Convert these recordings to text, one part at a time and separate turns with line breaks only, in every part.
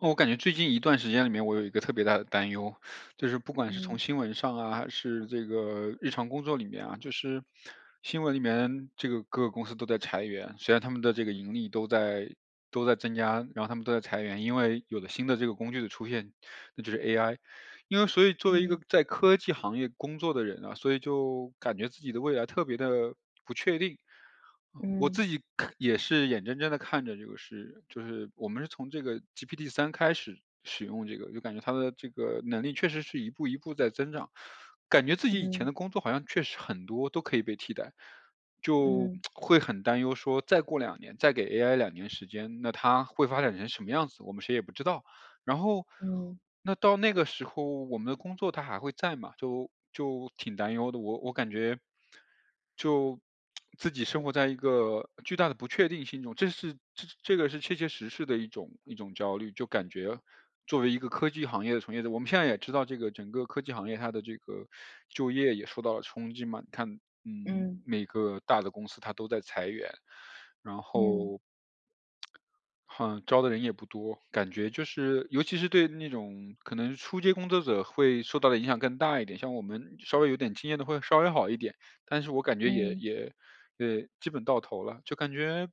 我感觉最近一段时间里面，我有一个特别大的担忧，就是不管是从
嗯。
新闻上啊，还是这个日常工作里面啊，就是新闻里面，这个各个公司都在裁员，虽然他们的这个盈利都在都在增加，然后他们都在裁员。因为有了新的这个工具的出现，那就是 AI，因为所以作为一个
嗯。
在科技行业工作的人啊，所以就感觉自己的未来特别的不确定。我自
嗯。
己可也是眼睁睁地看着这个是就是我们是从这个 GPT 3开始使用这个，就感觉它的这个能力确实是一步一步在增长，感觉自己以前
嗯。
的工作，好像确实很多都可以被替代。就
嗯。
会很担忧说，再过2年再给 AI 2年时间，那它会发展成什么样子，我们谁也不知道。然后
嗯。
那到那个时候我们的工作它还会在嘛，就就挺担忧的。我我感觉，就自己生活在一个巨大的不确定性中，这是这个是切切实实的一种一种焦虑。就感觉作为一个科技行业的从业者，我们现在也知道这个整个科技行业，它的这个就业也受到了冲击嘛，你看，嗯，
嗯。
每个大的公司它都在裁员，然
嗯。
后 哼，招的人也不多，感觉就是尤其是对那种可能初阶工作者会受到的影响更大一点。像我们稍微有点经验的会稍微好一点，但是我感觉也
嗯。
也呃，基本到头了，就感觉，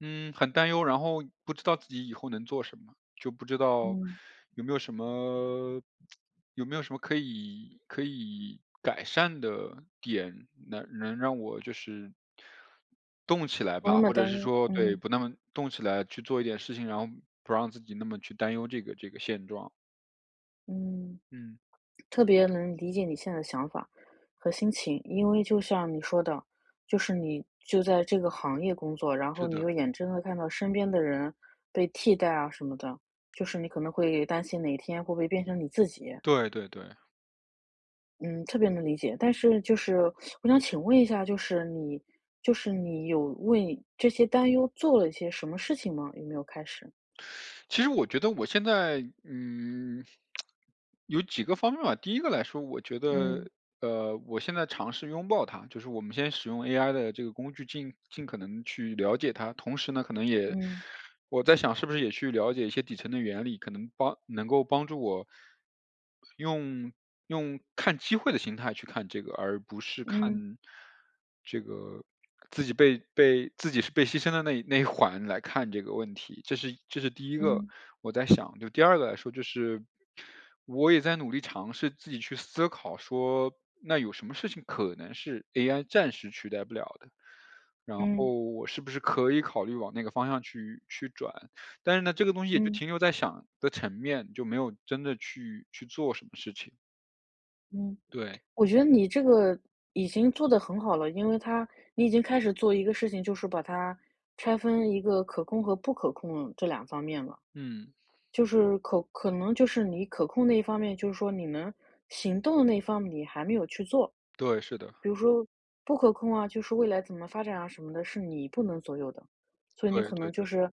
嗯，很担忧，然后不知道自己以后能做什么，就不知道
嗯。
有没有什么 有没有什么可以可以改善的点，能能让我就是动起来
不
吧。
那么
或者
担
是
忧，
说对，
嗯。
不那么动起来去做一点事情，然后不让自己那么去担忧这个这个现状。
嗯，
嗯。
特别能理解你现在的想法儿和心情。因为就像你说的，就是你就在这个行业工作，然后
是
你
的。
又眼睁地看到身边的人被替代啊什么的，就是你可能会担心哪一天会不会变成你自己。
对对对。
嗯，特别能理解。但是就是 我想请问一下，就是你就是你有为你这些担忧做了一些什么事情吗？有没有开始？
其实我觉得我现在，嗯，有几个方面吧。第一个来说我觉
嗯。
得，呃，我现在尝试拥抱它，就是我们先使用 AI 的这个工具尽尽可能去了解它，同时呢，可能也
嗯。
我在想是不是也去了解一些底层的原理，可能帮能够帮助我，用用看机会的形态去看这个，而不是
嗯。
看这个自己被被自己是被牺牲的那一那一环来看这个问题，这是一这是第一个，
嗯。
我在想。就第二个来说就是，我也在努力尝试自己去思考说，那有什么事情可能是 AI 暂时取代不了的，然
嗯。
后我是不是可以考虑往那个方向去去转。但是呢，这个东西也就
嗯。
停留在想的层面，就没有真的去去做什么事情。
嗯，
对。
我觉得你这个已经做得很好了。因为它你已经开始做一个事情，就是把它拆分一个可控和不可控这两方面了。
嗯。
就是可可能就是你可控那一方面，就是说你能行动的那一方面你还没有去做。
对，是的。
比如说不可控啊，就是未来怎么发展啊什么的，是你不能左右的。所以你
对，
可
对，
能就
对。
是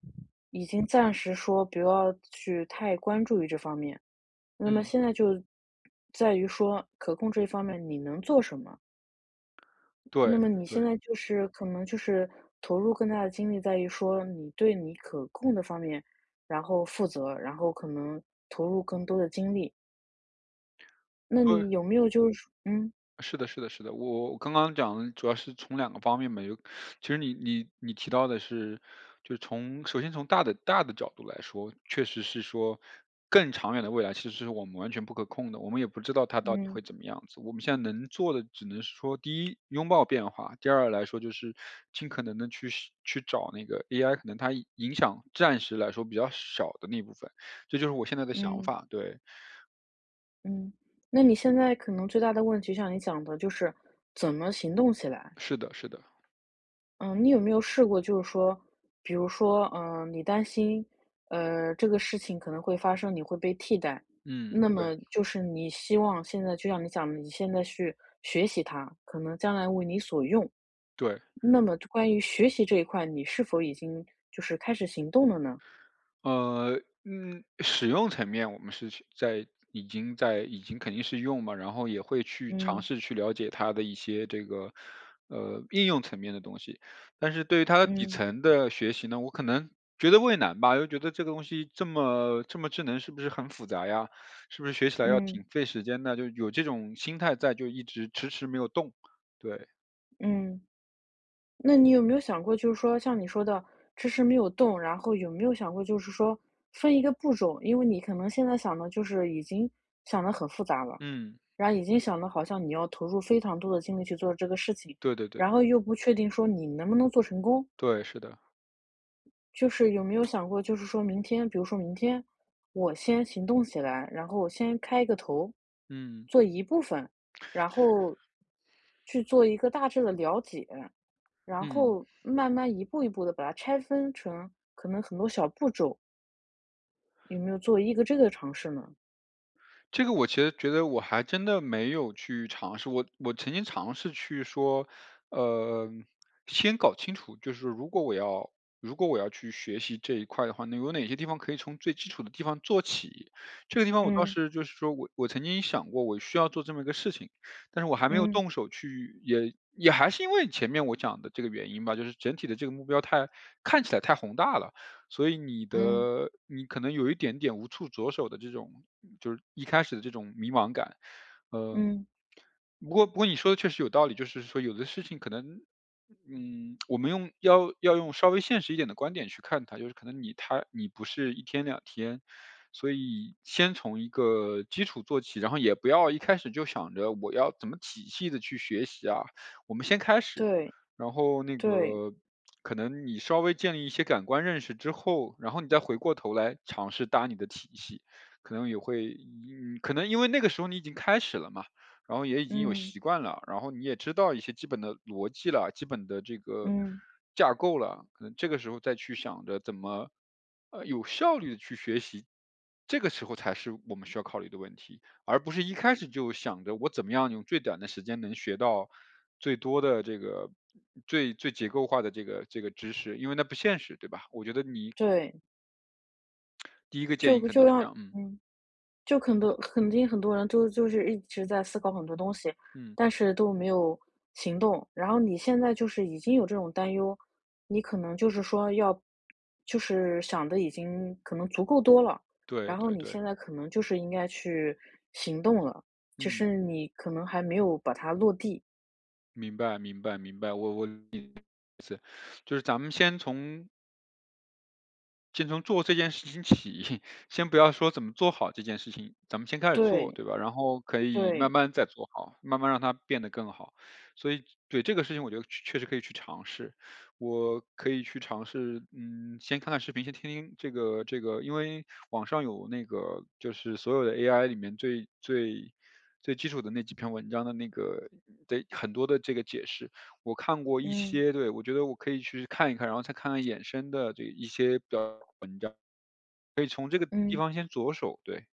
已经暂时说不要去太关注于这方面，那么
嗯。
现在就在于说可控这方面你能做什么。那
对，
么你
对。
现在就是可能就是投入更大的精力在于说你对你可控的方面，然后负责，然后可能投入更多的精力。那
对。
你有没有就是嗯。
是的是的是的，我我刚刚讲的主要是从两个方面嘛，有其实你-你-你提到的是，就是从首先从大的大的角度来说，确实是说更长远的未来其实是我们完全不可控的，我们也不知道它到底
嗯。
会怎么样子，我们现在能做的只能是说第一拥抱变化，第二来说就是尽可能地去去找那个 AI 可能它影响暂时来说比较少的那部分，这就是我现在的想
嗯。
法，对。
嗯，那你现在可能最大的问题就像你讲的，就是怎么行动起来。
是的是的。
嗯你有没有试过就是说，比如说，嗯，你担心，呃，这个事情可能会发生，你会被替代，
嗯，
那
对。
么就是你希望现在就像你讲的，你现在去学习它，可能将来为你所用。
对。
那么关于学习这一块，你是否已经就是开始行动了呢？
呃，嗯，使用层面我们是在已经在已经肯定是用嘛，然后也会去尝
嗯。
试去了解它的一些这个，呃，应用层面的东西，但是对它的底
嗯。
层的学习呢，我可能觉得畏难吧，又觉得这个东西这么这么智能是不是很复杂呀，是不是学起来要挺
嗯。
费时间呢？就有这种心态在就一直迟迟没有动。对。
嗯。那你有没有想过就是说像你说的，迟迟没有动，然后有没有想过就是说分一个步骤？因为你可能现在想得就是已经想得很复杂了，
嗯。
然后已经想的好像你要投入非常多的精力去做这个事情，
对对对。
然后又不确定说你能不能做成功。
对，是的。
就是有没有想过就是说明天比如说明天，我先行动起来，然后我先开一个头，
嗯。
做一部分，然后，去做一个大致的了解，然
嗯。
后慢慢一步一步地把它拆分成可能很多小步骤？有没有做一个这个尝试呢？
这个我其实觉得我还真的没有去尝试，我我曾经尝试去说，呃，先搞清楚。就是如果我要如果我要去学习这一块的话，有哪些地方可以从最基础的地方做起。这个地方我倒
嗯。
是就是说我我曾经想过我需要做这么一个事情，但是我还没有
嗯。
动手去也也还是因为前面我讲的这个原因吧，就是整体的这个目标太看起来太宏大了，所以你
嗯。
的你可能有一点点无处着手的这种就是一开始的这种迷茫感。呃。
嗯。
不过不过你说得确实有道理，就是说有的事情可能，嗯，我们用要用要用稍微现实一点的观点去看它，尤其可能你它你不是1天2天。所以先从一个基础做起，然后也不要一开始就想着我要怎么仔细地去学习啊，我们先开始。
对。
然后那
对。
个，可能你稍微建立一些感官认识之后，然后你再回过头来尝试搭你的体系，可能也会可能因为那个时候你已经开始了嘛，然后也已经有
嗯。
习惯了，然后你也知道一些基本的逻辑了，基本的这个
嗯。
架构了，可能这个时候再去想着怎么，呃，有效率地去学习，这个时候才是我们需要考虑的问题。而不是一开始就想着我怎么样用最短的时间能学到，最多的这个，最最结构化的这个这个知识。因为那不现实对吧，我觉得你
对。
第一个建
就
议可能
就
就是
要
这样。嗯。
嗯。就很多肯定很多人就就是一直在思考很多东西，
嗯。
但是都没有行动，然后你现在就是已经有这种担忧，你可能就是说要就是想得已经可能足够多了，
对
然后
对
你
对。
现在可能就是应该去行动了，只
嗯。
是你可能还没有把它落地。
明白明白明白。我我理解你的意思，就是咱们先从先从做这件事情起，先不要说怎么做好这件事情，咱们先开始做
对。
对吧。然后可以慢
对。
慢再做好，慢慢让它变得更好。所以对这个事情我觉得确确实可以去尝试，我可以去尝试，嗯，先看看视频先听听这个这个因为网上有那个就是所有的 AI 里面最最最基础的那几篇文章的那个得很多的这个解释，我看过一
嗯。
些。对我觉得我可以去看一看，然后再看看衍生的这一些的文章，可以从这个地
嗯。
方先着手，对。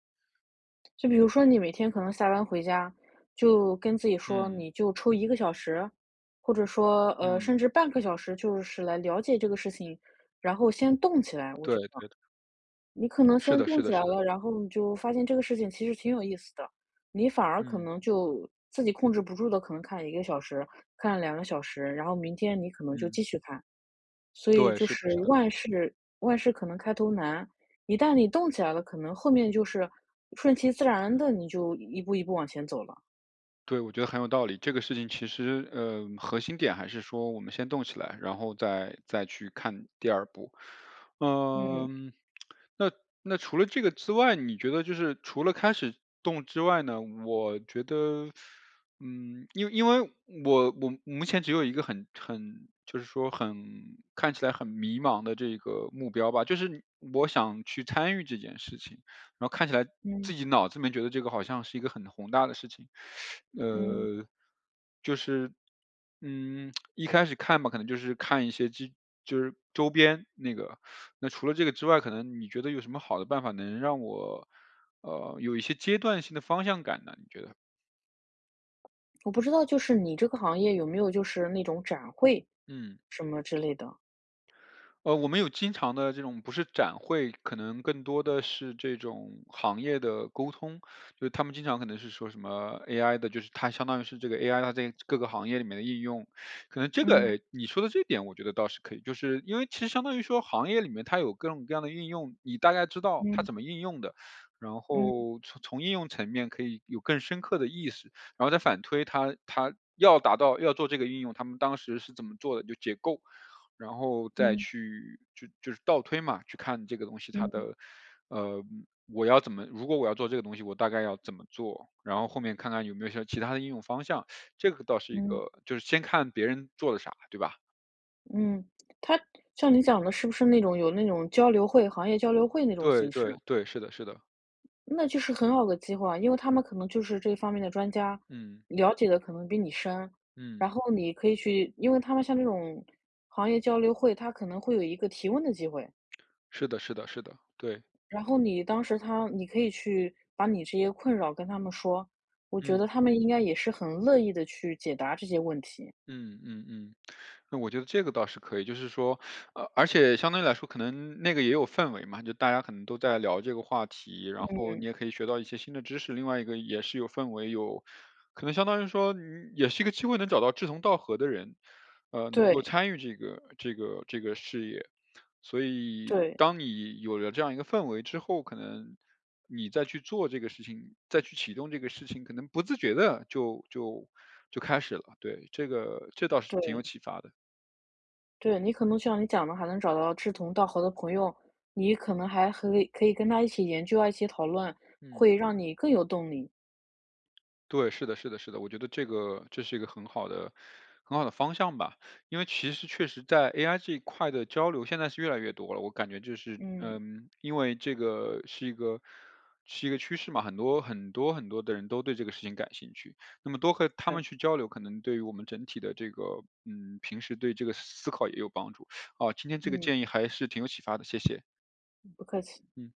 就比如说你每天可能下班回家，就跟自己说：
嗯。
“你就抽1个小时。”或者说，呃，
嗯。
甚至半个小时就是来了解这个事情。然后先动起来，我
对
觉得。
对对。
你可能
是
先
的是
动
的
起来
是的。
了，然后你就发现这个事情其实挺有意思的，你反而可
嗯。
能就自己控制不住地可能看1个小时、看2个小时，然后明天你可能就
嗯。
继续看。所以
对，
就
是的
是
是的。
万事万事可能开头难，一旦你动起来了，可能后面就是顺其自然地你就一一步一步往前走了。
对，我觉得很有道理。这个事情其实，呃，核心点还是说我们先动起来，然后再再去看第2步。呃，
嗯。
那那除了这个之外，你觉得就是除了开始动之外呢，我觉得 嗯，因因为我我目前只有一个很很就是说很看起来很迷茫的这一个目标吧，就是你我想去参与这件事情，然后看起来自
嗯。
己脑子里面觉得这个好像是一个很宏大的事情。
嗯。
呃，就是，嗯，一开始看吧，可能就是看一些激就是周边那个，那除了这个之外，可能你觉得有什么好的办法能让我，呃，有一些阶段性的方向感呢，你觉得？
我不知道就是你这个行业有没有就是那种展会，
嗯。
什么之类的？
呃，我们有经常的这种不是展会，可能更多的是这种行业的沟通。就是它们经常可能是说什么 AI 的就是它相当于是这个 AI 它在各个行业里面的应用。可能这个，
嗯。
诶，你说的这一点我觉得倒是可以，就是因为其实相当于说行业里面它有各种各样的应用，你大概知道它
嗯
怎么应用的，然
嗯。
后从从应用层面可以有更深刻的意识，然后再反推它它要达到要做这个应用，它们当时是怎么做的，就解构。然后再
嗯。
去就就是倒推嘛，去看这个东西它
嗯。
的，呃，我要怎么如果我要做这个东西我大概要怎么做，然后后面看看有没有像其它的应用方向。这个倒是一
嗯。
个就是先看别人做了啥，对吧。
嗯，它像你讲得是不是那种有那种交流会，行业交流会那种
对
形式
对
呢？
对，是的是的。
那就是很好的机会啊，因为他们可能就是这方面的专家，
嗯。
了解的可能比你深。
嗯。
然后你可以去因为它们像这种行业交流会，它可能会有一个提问的机会。
是的是的是的，对。
然后你当时它你可以去把你这些困扰跟他们说。我觉
嗯。
得他们应该也是很乐意地去解答这些问题。
嗯嗯嗯。那我觉得这个倒是可以，就是说，呃而且相对来说可能那个也有氛围嘛，就大家可能都在聊这个话题，然后你
嗯。
也可以学到一些新的知识，另外一个也是有氛围，有可能相当于说你也是一个机会能找到志同道合的人，呃，能够
对。
参与这个这个这个事业。所以
对。
当你有了这样一个氛围之后，可能你再去做这个事情，再去启动这个事情可能不自觉地就就就开始了。对，这个这倒是挺有
对。
启发的。
对，你可能就像你讲的，还能找到志同道合的朋友，你可能还可以-可以跟他一起研究啊一起讨论，
嗯。
会让你更有动力。
对，是的是的是的，我觉得这个这是一个很好的很好的方向吧。因为其实确实在 AI 这一块的交流现在是越来越多了，我感觉就是，
嗯。
嗯，因为这个是一个是一个趋势嘛，很多很多很多的人都对这个事情感兴趣，那么多和他们
对。
去交流可能对于我们整体的这个，嗯平时对这个思考也有帮助，嗯今天这个
嗯。
建议还是挺有启发的，谢谢。
嗯，不客气。
嗯。